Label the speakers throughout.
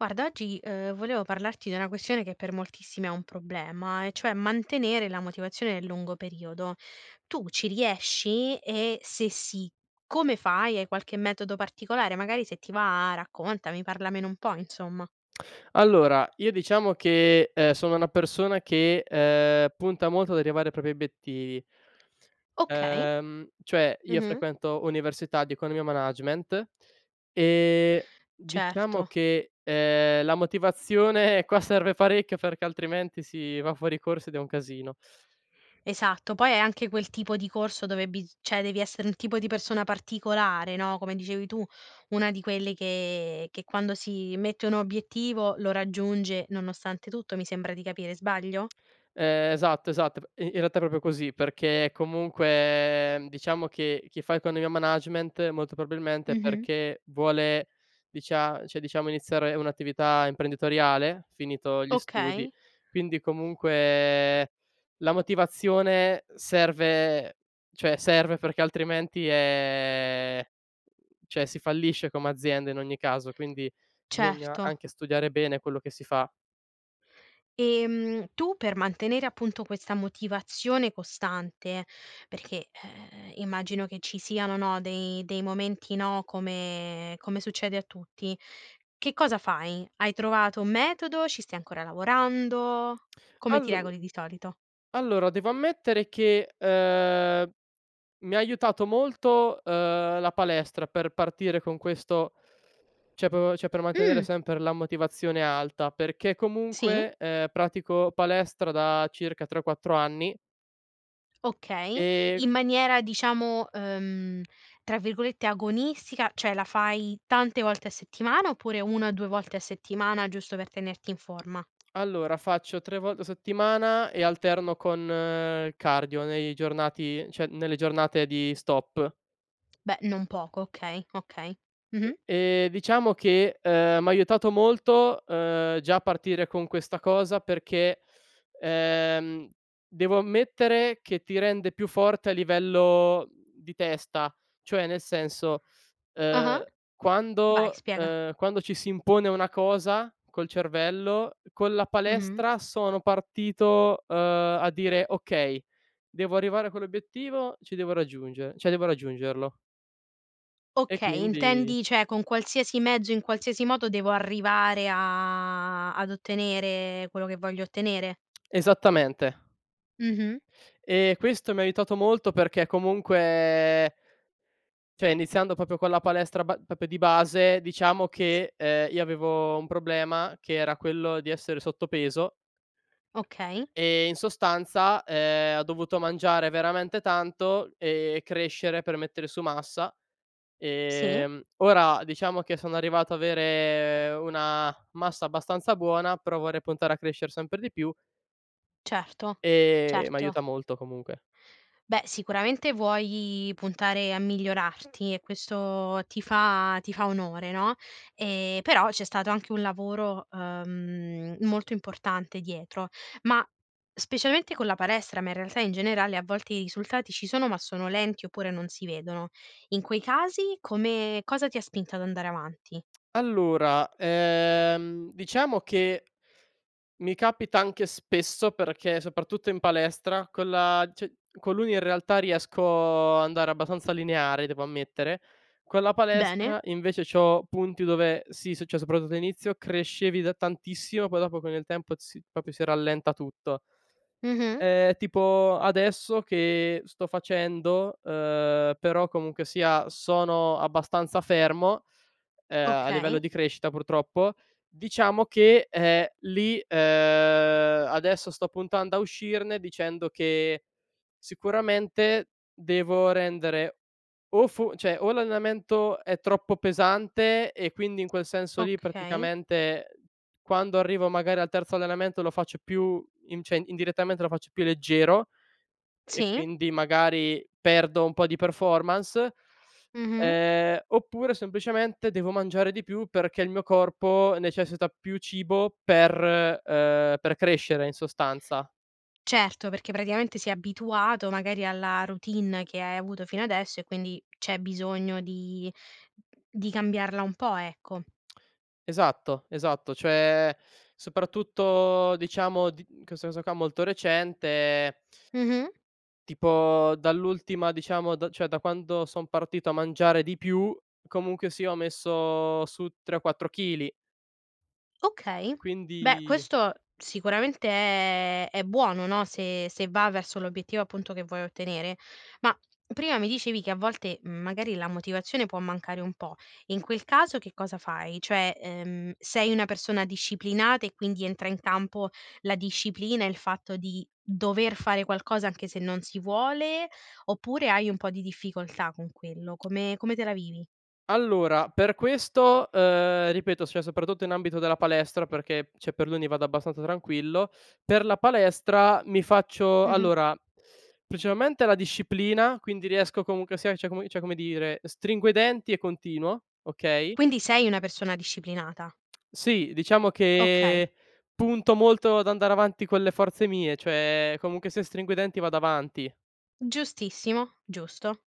Speaker 1: Guarda oggi, ehm, volevo parlarti di una questione che per moltissimi è un problema, e cioè, mantenere la motivazione nel lungo periodo. Tu ci riesci? E se sì, come fai? Hai qualche metodo particolare? Magari se ti va raccontami, parlamene un po' insomma.
Speaker 2: Allora, io diciamo che, ehm, sono una persona che, ehm, punta molto ad arrivare ai propri obiettivi
Speaker 1: Okay.
Speaker 2: ehm, cioè, io
Speaker 1: Mh-mh.
Speaker 2: frequento università di Economia e Management, e diciamo
Speaker 1: Certo.
Speaker 2: che, ehm, la motivazione, qua serve parecchio, perché altrimenti si va fuori corso, ed è un casino.
Speaker 1: Esatto. Poi è anche quel tipo di corso dove bis cioè devi essere un tipo di persona particolare, no, come dicevi tu, una di quelle che che quando si mette un obiettivo lo raggiunge nonostante tutto, mi sembra di capire. Sbaglio?
Speaker 2: Ehm, esatto, esatto. P in in realtà è proprio così perché, comunque, diciamo che chi fa Economia e Management, molto probabilmente è
Speaker 1: Mh-mh.
Speaker 2: perché, vuole dicia cioè diciamo, iniziare un'attività imprenditoriale finito gli studi.
Speaker 1: Okay.
Speaker 2: Quindi, comunque, la motivazione serve cioè, serve perché altrimenti, ehm, cioè si fallisce come azienda in ogni caso. Quindi, bisogna
Speaker 1: Certo.
Speaker 2: anche studiare bene quello che si fa.
Speaker 1: Ehm, tu per mantenere appunto questa motivazione costante, perché, ehm, immagino che ci siano, no, dei dei momenti no, come come succede a tutti, che cosa fai? Hai trovato un metodo, ci stai ancora lavorando? Come ti
Speaker 2: Allor
Speaker 1: regoli di solito?
Speaker 2: allora, devo ammettere che, ehm, mi ha aiutato molto, uhm, la palestra per partire con questo cioè p cioè per mantenere
Speaker 1: Mh.
Speaker 2: sempre la motivazione alta, perché
Speaker 1: Sì.
Speaker 2: comunque, ehm, pratico palestra da circa 3, 4 anni
Speaker 1: Okay.
Speaker 2: E
Speaker 1: In maniera diciamo, uhm, tra virgolette "agonistica", cioè, la fai tante volte a settimana, oppure 1-2 volte a settimana giusto per tenerti in forma?
Speaker 2: Allora faccio 3 volte a settimana e alterno con cardio nei giornati cioè nelle giornate di stop.
Speaker 1: Beh, non poco, okay, okay.
Speaker 2: E
Speaker 1: Mh-mh.
Speaker 2: ehm, diciamo che, ehm, mi ha aiutato molto, uhm, già a partire con questa cosa perché, ehm, devo ammettere che ti rende più forte a livello, uhm, di testa. Cioè nel senso,
Speaker 1: Ah-ah.
Speaker 2: ehm,
Speaker 1: Vai
Speaker 2: quando
Speaker 1: spiega.
Speaker 2: ehm, quando ci si impone una cosa col cervello con la
Speaker 1: Mh-mh.
Speaker 2: palestra sono partito, uhm, a dire: "Okay devo arrivare a quell'obiettivo, ci devo raggiungere cioè devo raggiungerlo" E
Speaker 1: Okay,
Speaker 2: quindi
Speaker 1: intendi cioè con qualsiasi mezzo, in qualsiasi modo, devo arrivare a ad ottenere quello che voglio ottenere?
Speaker 2: Esattamente.
Speaker 1: Mh-mh.
Speaker 2: E questo mi ha aiutato molto, perché comunque cioè iniziando proprio con la palestra ba proprio di base, diciamo
Speaker 1: S
Speaker 2: che, ehm, io avevo un problema, che era quello di essere sottopeso
Speaker 1: Okay.
Speaker 2: e in sostanza, ehm, ho dovuto mangiare veramente tanto, e crescere per mettere su massa.
Speaker 1: Sì.
Speaker 2: Ehm, ora diciamo che sono arrivato a avere una massa abbastanza buona, però vorrei puntare a crescere sempre di più
Speaker 1: Certo.
Speaker 2: ehm, mi
Speaker 1: Certo.
Speaker 2: aiuta molto comunque.
Speaker 1: Beh, sicuramente vuoi puntare a migliorarti e questo ti fa ti fa onore no, ehm, però c'è stato anche un lavoro, ehm, molto importante dietro, ma specialmente con la palestra, ma, in realtà in generale a volte i risultati ci sono, ma sono lenti, oppure non si vedono. In quei casi, come cosa ti ha spinto ad andare avanti?
Speaker 2: Allora, ehm, diciamo che, mi capita anche spesso, perché soprattutto in palestra, con la cio con l'uni in realtà riesco ad andare abbastanza lineare devo ammettere. Con la
Speaker 1: Bene.
Speaker 2: palestra invece, c'ho punti dove, sì successo soprattutto all'inizio crescevi da tantissimo, poi dopo, con il tempo si proprio si rallenta tutto.
Speaker 1: Mh-mh.
Speaker 2: Ehm, tipo adesso che sto facendo uhm, però comunque sia sono abbastanza fermo, ehm, a livello
Speaker 1: Okay.
Speaker 2: di crescita purtroppo, diciamo che, ehm, lì, ehm, adesso sto puntando a uscirne, dicendo che sicuramente devo rendere o fo cioè o l'allenamento è troppo pesante, e quindi in quel senso lì,
Speaker 1: Okay.
Speaker 2: praticamente, quando arrivo magari al terzo allenamento lo faccio più in cioè indirettamente lo faccio più leggero, e
Speaker 1: Sì.
Speaker 2: quindi magari perdo un po' di performance
Speaker 1: Mh-mh.
Speaker 2: ehm, oppure semplicemente devo mangiare di più, perché il mio corpo necessita più cibo per uhm, per crescere in sostanza.
Speaker 1: Certo, perché praticamente si è abituato magari alla routine che hai avuto fino adesso, e quindi c'è bisogno di di cambiarla un po' ecco.
Speaker 2: Esatto, esatto. Cioè soprattutto diciamo di in questo caso qua, molto recente
Speaker 1: Mh-mh.
Speaker 2: tipo dall'ultima diciamo da cioè da quando son partito a mangiare di più, comunque sia ho messo su 3 o 4 chili
Speaker 1: Okay. Beh
Speaker 2: quindi
Speaker 1: questo sicuramente è è buono no. Se se va verso l'obiettivo appunto che vuoi ottenere. Ma, prima mi dicevi che a volte, mhmm, magari la motivazione può mancare un po'. In quel caso che cosa fai? Cioè, ehm, sei una persona disciplinata, e quindi entra in campo la disciplina, il fatto di dover fare qualcosa anche se non si vuole, oppure hai un po' di difficoltà con quello. Come come te la vivi?
Speaker 2: Allora, per questo, uhm, ripeto, cioè soprattutto in ambito della palestra perché cioè per l'uni vado abbastanza tranquillo. Per la palestra, mi faccio,
Speaker 1: Mh-mh.
Speaker 2: allora principalmente la disciplina, quindi riesco comunque sia cioè come cioè come dire, stringo i denti e continuo, okay
Speaker 1: Quindi sei una persona disciplinata.
Speaker 2: Sì, diciamo
Speaker 1: Okay.
Speaker 2: che, punto molto ad andare avanti con le forze mie, cioè comunque se stringo i denti vado avanti.
Speaker 1: Giustissimo. Giusto.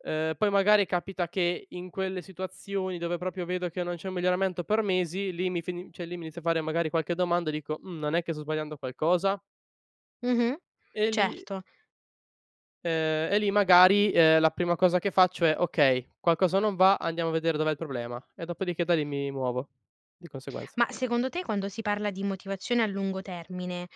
Speaker 2: Uhm, poi magari capita che in quelle situazioni, dove proprio vedo che non c'è un miglioramento per mesi, lì mi fi cioè lì mi inizio a fare magari qualche domanda, e dico: "Mhmm, non è che sto sbagliando qualcosa?"
Speaker 1: Mh-mh.
Speaker 2: E lì
Speaker 1: Certo.
Speaker 2: ehm e lì magari, ehm, la prima cosa che faccio è: "Okay, qualcosa non va, andiamo a vedere dov'è il problema", e dopodiché da lì mi muovo di conseguenza.
Speaker 1: Ma, secondo te quando si parla di motivazione a lungo termine,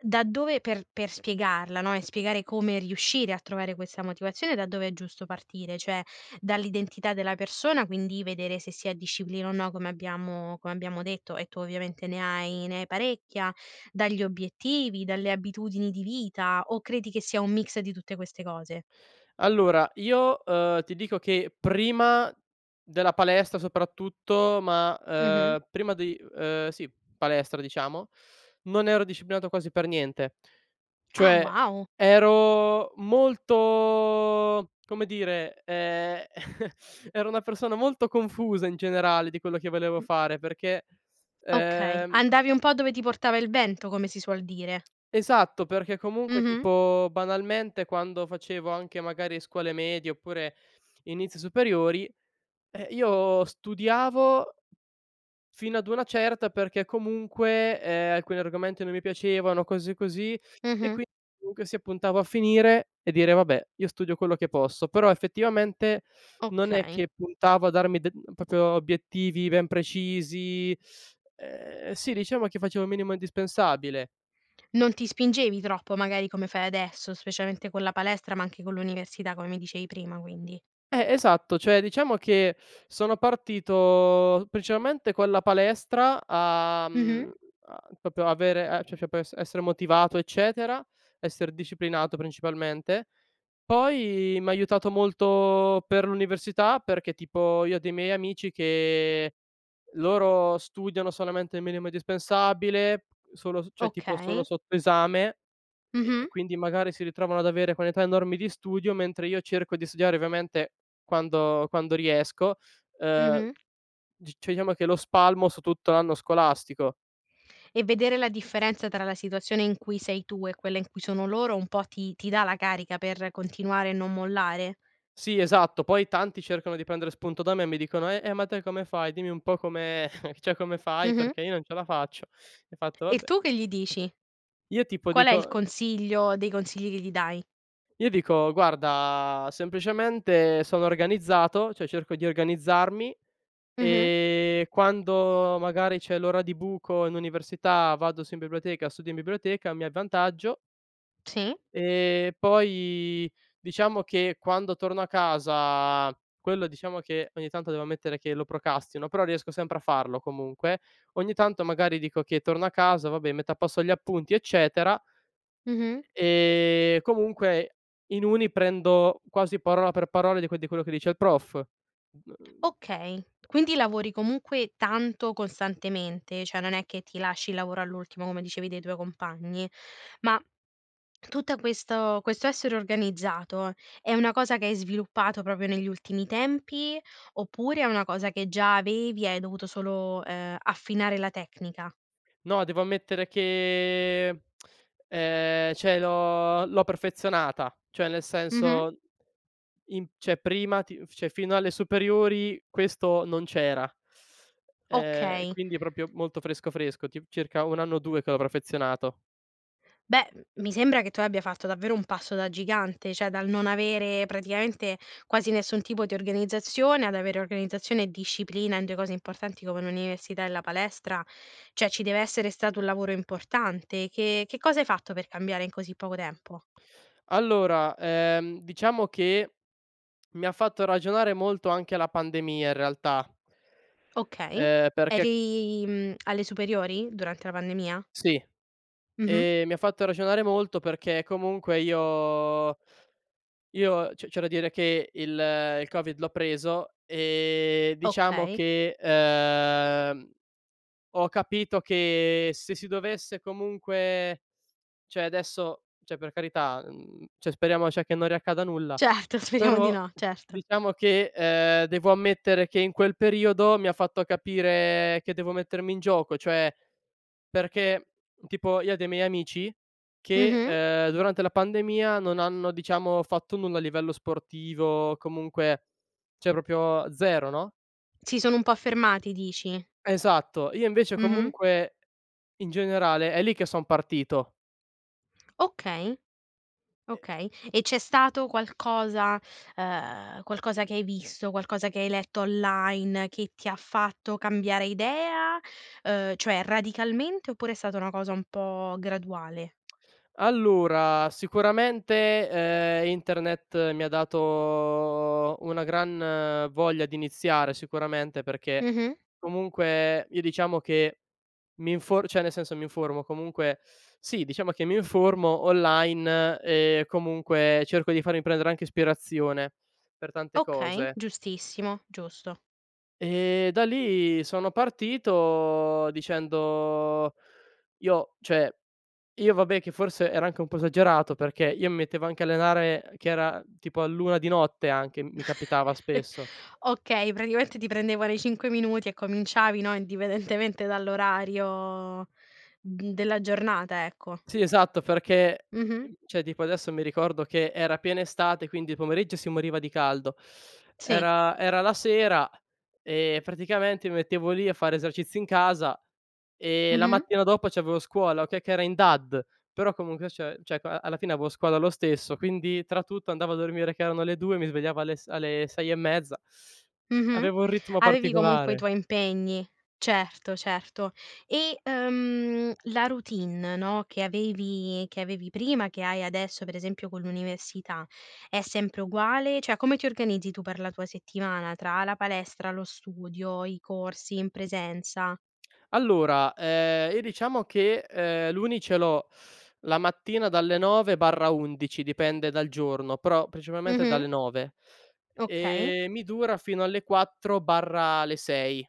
Speaker 1: da dove per per spiegarla, no, e spiegare come riuscire a trovare questa motivazione da dove è giusto partire. Cioè, dall'identità della persona, quindi vedere, se si ha disciplina o no, come abbiamo come abbiamo detto, e tu ovviamente ne hai ne hai parecchia dagli obiettivi, dalle abitudini di vita, o credi che sia un mix di tutte queste cose?
Speaker 2: Allora io, ehm, ti dico che prima della palestra soprattutto ma,
Speaker 1: Mh-mh.
Speaker 2: ehm, prima di ehm, sì palestra, diciamo non ero disciplinato quasi per niente.
Speaker 1: Ah.
Speaker 2: Cioè,
Speaker 1: Wow!
Speaker 2: ero molto come dire, ehm, ero una persona molto confusa in generale, di quello che volevo
Speaker 1: Mh
Speaker 2: fare, perché
Speaker 1: Okay,
Speaker 2: ehm
Speaker 1: andavi un po' dove ti portava il vento come si suol dire.
Speaker 2: Esatto, perché comunque,
Speaker 1: Mh-mh.
Speaker 2: tipo banalmente, quando facevo, anche magari, scuole medie, oppure inizio superiori, eh, io studiavo, fino ad una certa, perché comunque, ehm, alcuni argomenti non mi piacevano, o cose così, e
Speaker 1: Mh-mh.
Speaker 2: quindi comunque sia puntavo a finire e dire: "Vabbè, io studio quello che posso". Però effettivamente non è
Speaker 1: Okay.
Speaker 2: che puntavo a darmi de proprio obiettivi ben precisi ehm, sì diciamo che facevo minimo indispensabile.
Speaker 1: Non ti spingevi troppo, magari come fai adesso, specialmente con la palestra, ma anche con l'università, come mi dicevi prima, quindi.
Speaker 2: Eh, esatto cioè, diciamo che, sono partito principalmente con la palestra a
Speaker 1: Mh-mh.
Speaker 2: mhmm, a proprio avere c c cioè p esse essere motivato, eccetera, esser disciplinato principalmente. Poi m' ha aiutato molto per l'università, perché tipo io ho dei miei amici che, loro studiano solamente il minimo indispensabile solo s cioè, tipo solo
Speaker 1: Okay.
Speaker 2: sotto esame, e
Speaker 1: Mh-mh.
Speaker 2: e quindi magari si ritrovano ad avere quantità enormi di studio, mentre io cerco di studiare ovviamente quando quando riesco ehm,
Speaker 1: Mh-mh.
Speaker 2: c cioè diciamo che lo spalmo su tutto l'anno scolastico.
Speaker 1: E vedere la differenza tra la situazione in cui sei tu, e quella in cui sono loro, un po' ti ti dà la carica per continuare e non mollare?
Speaker 2: Sì, esatto, poi tanti cercano di prendere spunto da me, e mi dicono: "Eh eh, ma te come fai? Dimmi un po' come cioè come fai
Speaker 1: Mh-mh.
Speaker 2: perché, io non ce la faccio". Ho fatto:
Speaker 1: E
Speaker 2: "Vabbè"
Speaker 1: tu che gli dici?
Speaker 2: Io tipo
Speaker 1: Qual è il
Speaker 2: dico
Speaker 1: consiglio dei consigli che gli dai?
Speaker 2: io dico: "Guarda, semplicemente sono organizzato cioè cerco di organizzarmi,
Speaker 1: Mh-mh.
Speaker 2: e quando magari c'è l'ora di buco in università, vado su in biblioteca, studio in biblioteca, mi avvantaggio"
Speaker 1: Sì.
Speaker 2: ehm, poi, diciamo che quando torno a casa quello diciamo che ogni tanto, devo ammettere che lo procrastino, però riesco sempre a farlo comunque. Ogni tanto magari dico che torno a casa, vabbè metto a posto gli appunti, eccetera
Speaker 1: Mh-mh.
Speaker 2: e comunque in uni prendo quasi parola per parola di que di quello che dice il prof, uhm
Speaker 1: Okay. Quindi lavori comunque tanto costantemente. Cioè non è che ti lasci il lavoro all'ultimo come dicevi dei tuoi compagni. Ma, tutta questo questo essere organizzato, è una cosa che hai sviluppato proprio negli ultimi tempi, oppure è una cosa che già avevi hai dovuto solo, ehm, affinare la tecnica?
Speaker 2: No, devo ammettere che, ehm, cioè l'ho l'ho perfezionata. Cioè, nel
Speaker 1: Mh-mh.
Speaker 2: senso in cioè prima ti cioè fino alle superiori questo non c'era. Ehm,
Speaker 1: Okay.
Speaker 2: quindi proprio molto fresco, fresco, tip circa 1 anno o 2 che l'ho perfezionato.
Speaker 1: Beh, mi sembra che tu abbia fatto davvero un passo da gigante, cioè dal non avere praticamente quasi nessun tipo di organizzazione, ad avere organizzazione e disciplina, in 2 cose importanti come l'università e la palestra Cioè ci deve essere stato un lavoro importante. Che che cosa hai fatto per cambiare in così poco tempo?
Speaker 2: Allora, ehm, diciamo che, mi ha fatto ragionare molto anche la pandemia in realtà
Speaker 1: Okay.
Speaker 2: ehm, perché
Speaker 1: Eri, mhmm, alle superiori, durante la pandemia?
Speaker 2: Sì,
Speaker 1: Mh-mh.
Speaker 2: ehm, mi ha fatto ragionare molto, perché comunque io io c'è c'è da dire che, il il Covid l'ho preso e diciamo
Speaker 1: Okay.
Speaker 2: che, ehm, ho capito che se si dovesse comunque cioè adesso cioè per carità, uhm, cioè speriamo cioè che non riaccada nulla.
Speaker 1: Certo. Speriamo di
Speaker 2: Però
Speaker 1: no, certo.
Speaker 2: diciamo che, ehm, devo ammettere che in quel periodo, mi ha fatto capire che devo mettermi in gioco, cioè perché tipo io ho dei miei amici che,
Speaker 1: Mh-mh.
Speaker 2: ehm, durante la pandemia non hanno, diciamo, fatto nulla a livello sportivo comunque cioè proprio 0 no?
Speaker 1: Si sono un po' fermati, dici?
Speaker 2: Esatto. Io invece
Speaker 1: Mh-mh.
Speaker 2: comunque, in generale è lì che son partito.
Speaker 1: Okay.
Speaker 2: E
Speaker 1: Okay. E c'è stato qualcosa ehm, qualcosa che hai visto, qualcosa che hai letto online, che ti ha fatto cambiare idea, ehm, cioè radicalmente, oppure è stata una cosa un po' graduale?
Speaker 2: Allora, sicuramente, ehm, internet mi ha dato, una gran voglia di iniziare sicuramente, perché
Speaker 1: Mh-mh.
Speaker 2: comunque io, diciamo che mi infor cioè nel senso mi informo comunque sì, diciamo che mi informo online, e comunque cerco di farmi prendere anche ispirazione, per tante
Speaker 1: Okay,
Speaker 2: cose.
Speaker 1: giustissimo, giusto.
Speaker 2: E da lì sono partito, dicendo io cioè io vabbè, che forse ero anche un po' esagerato, perché io mettevo anche a allenare, ehm, che era tipo all'1:00 di notte anche, mi capitava spesso.
Speaker 1: Okay, praticamente ti prendevano i 5 minuti e cominciavi, no, indipendentemente dall'orario d della giornata, ecco.
Speaker 2: Sì, esatto perché
Speaker 1: Mh-mh.
Speaker 2: ehm, cioè tipo adesso mi ricordo che era piena estate, quindi il pomeriggio si moriva di caldo.
Speaker 1: Sì.
Speaker 2: Era era la sera e praticamente mi mettevo lì a fare esercizi in casa, e la
Speaker 1: Mh-mh.
Speaker 2: mattina dopo c'avevo scuola, okay, che era in DAD, però comunque cioè- cioè ca alla fine avevo scuola lo stesso, quindi tra tutto andavo a dormire che erano le 2:00 e mi svegliavo alle s alle 6 e mezza.
Speaker 1: Mh-mh.
Speaker 2: Avevo un ritmo
Speaker 1: Avevi comunque i
Speaker 2: particolare.
Speaker 1: tuoi impegni. Certo, certo. E, uhm, la routine, no, che avevi che avevi prima, che hai adesso, per esempio con l'università, è sempre uguale? Cioè come ti organizzi tu per la tua settimana, tra la palestra, lo studio, i corsi in presenza?
Speaker 2: Allora, ehm, io diciamo che, ehm, l'uni ce l'ho la mattina dalle 9 /11 dipende dal giorno, però principalmente
Speaker 1: Mh-mh.
Speaker 2: dalle 9:00
Speaker 1: Okay.
Speaker 2: e mi dura fino alle 4/le 6:00.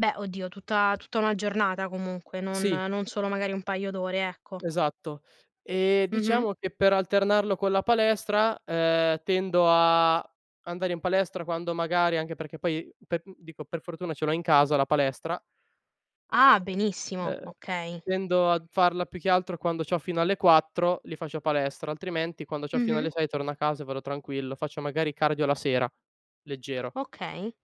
Speaker 1: Beh, oddio tutta tutta 1 giornata comunque non
Speaker 2: Sì.
Speaker 1: non solo magari un paio d'ore, ecco.
Speaker 2: Esatto. Ehm,
Speaker 1: Mh-mh.
Speaker 2: diciamo che, per alternarlo con la palestra, ehm, tendo a andare in palestra quando magari anche perché poi pe d dico per fortuna ce l'ho in casa la palestra.
Speaker 1: Ah,
Speaker 2: Uhm
Speaker 1: benissimo.
Speaker 2: uhm,
Speaker 1: Okay.
Speaker 2: tendo a d farla più che altro quando c'ho fino alle 4:00 lì faccio palestra, altrimenti, quando c'ho fino
Speaker 1: Mh-mh.
Speaker 2: alle 6:00 torno a casa e vado tranquillo. Faccio magari cardio la sera, leggero.
Speaker 1: Okay.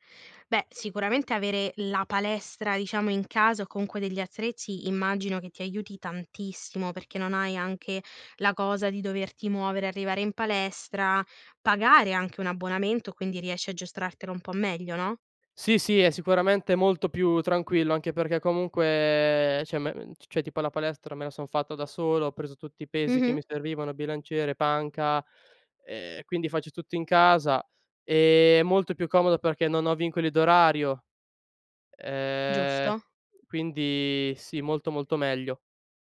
Speaker 1: Beh, sicuramente avere la palestra, diciamo in casa, o comunque degli attrezzi immagino che ti aiuti tantissimo, perché non hai anche la cosa di doverti muovere e arrivare in palestra, pagare anche un abbonamento quindi riesci a giostrartelo un po' meglio, no?
Speaker 2: Sì, sì, è sicuramente molto più tranquillo, anche perché comunque cioè me ehm, cioè tipo la palestra me la son fatta da solo, ho preso tutti i pesi che mi
Speaker 1: Mh-mh.
Speaker 2: servivano, bilanciere, panca, ehm, quindi faccio tutto in casa, ehm, è molto più comodo, perché non ho vincoli d'orario; ehm,
Speaker 1: Giusto.
Speaker 2: quindi sì molto, molto meglio.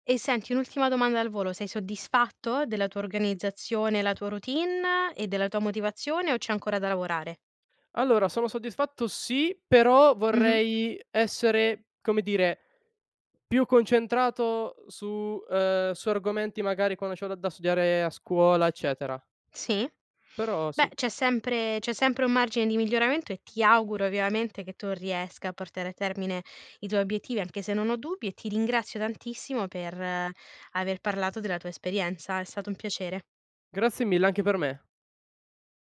Speaker 1: E senti un'ultima domanda al volo, sei soddisfatto della tua organizzazione, la tua routine e della tua motivazione o c'è ancora da lavorare?
Speaker 2: Allora sono soddisfatto sì, però
Speaker 1: Mh-mh.
Speaker 2: vorrei essere, come dire, più concentrato su ehm, su argomenti magari quando c'ho da da studiare a scuola, eccetera
Speaker 1: Sì.
Speaker 2: però
Speaker 1: Beh,
Speaker 2: sì.
Speaker 1: c'è sempre c'è sempre un margine di miglioramento e ti auguro vivamente che tu riesca a portare a termine i tuoi obiettivi, anche se non ho dubbi, e ti ringrazio tantissimo per aver parlato della tua esperienza. È stato un piacere.
Speaker 2: Grazie mille, anche per me.